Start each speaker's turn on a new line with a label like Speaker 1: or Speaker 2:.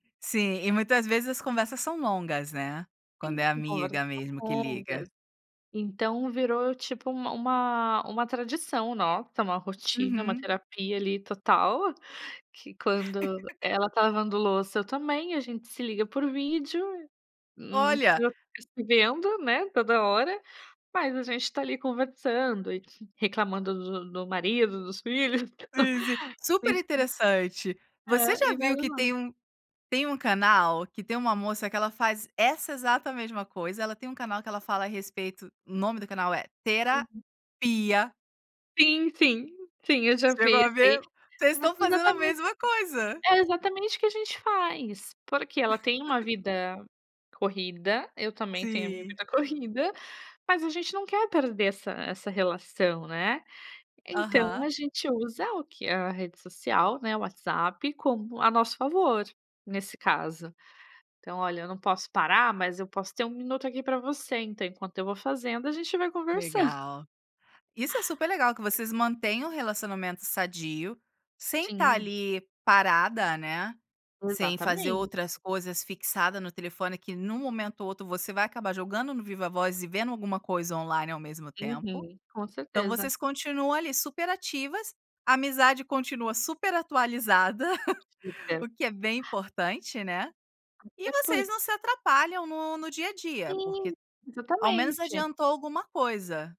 Speaker 1: Sim, e muitas vezes as conversas são longas né. Quando
Speaker 2: Sim
Speaker 1: é
Speaker 2: conversas
Speaker 1: amiga mesmo que liga.
Speaker 2: longas, então virou tipo uma uma uma tradição nota, uma rotina, uma
Speaker 1: Uhum.
Speaker 2: terapia ali total, que quando ela tá lavando louça e eu também, a gente se liga por vídeo, não
Speaker 1: Olha.
Speaker 2: precisa ficar vendo né, toda hora, mas a gente tá ali conversando e reclamando do do marido, dos filhos.
Speaker 1: Super interessante.
Speaker 2: [unintelligible]
Speaker 1: Você
Speaker 2: É, e
Speaker 1: já
Speaker 2: vai
Speaker 1: viu que tem
Speaker 2: levando.
Speaker 1: um tem um canal, que tem uma moça que ela faz essa exata mesma coisa, ela tem um canal que ela fala a respeito, o nome do canal é
Speaker 2: Uhum.
Speaker 1: Tera-pia.
Speaker 2: Sim, sim, sim eu já
Speaker 1: Você chegou a
Speaker 2: fiz aí.
Speaker 1: ver? Vocês
Speaker 2: É
Speaker 1: estão fazendo a
Speaker 2: exatamente,
Speaker 1: mesma coisa.
Speaker 2: é exatamente o que a gente faz, porque ela tem uma vida corrida, eu também tenho a minha
Speaker 1: Sim.
Speaker 2: vida corrida, mas a gente não quer perder essa essa relação, né. Então
Speaker 1: Aham.
Speaker 2: a gente usa o que? A rede social, né, o WhatsApp como a nosso favor, nesse caso. Então olha, eu não posso parar mas eu posso ter um minuto aqui para você então enquanto eu vou fazendo a gente vai conversando.
Speaker 1: Legal. Isso é super legal que vocês mantêm o relacionamento sadio, sem estar
Speaker 2: Sim.
Speaker 1: ali parada, né, sem fazer
Speaker 2: Exatamente.
Speaker 1: outras coisas fixada no telefone que em um momento ou outro você vai acabar jogando no viva-voz e vendo alguma coisa online ao mesmo tempo.
Speaker 2: Uhum, com
Speaker 1: Então
Speaker 2: certeza.
Speaker 1: vocês continuam ali super ativas, a amizade continua super atualizada, o que é bem
Speaker 2: [unintelligible]
Speaker 1: importante, né, e
Speaker 2: Até
Speaker 1: vocês não
Speaker 2: porque
Speaker 1: se atrapalham no no dia a dia
Speaker 2: Sim,
Speaker 1: porque, ao menos
Speaker 2: exatamente.
Speaker 1: adiantou alguma coisa.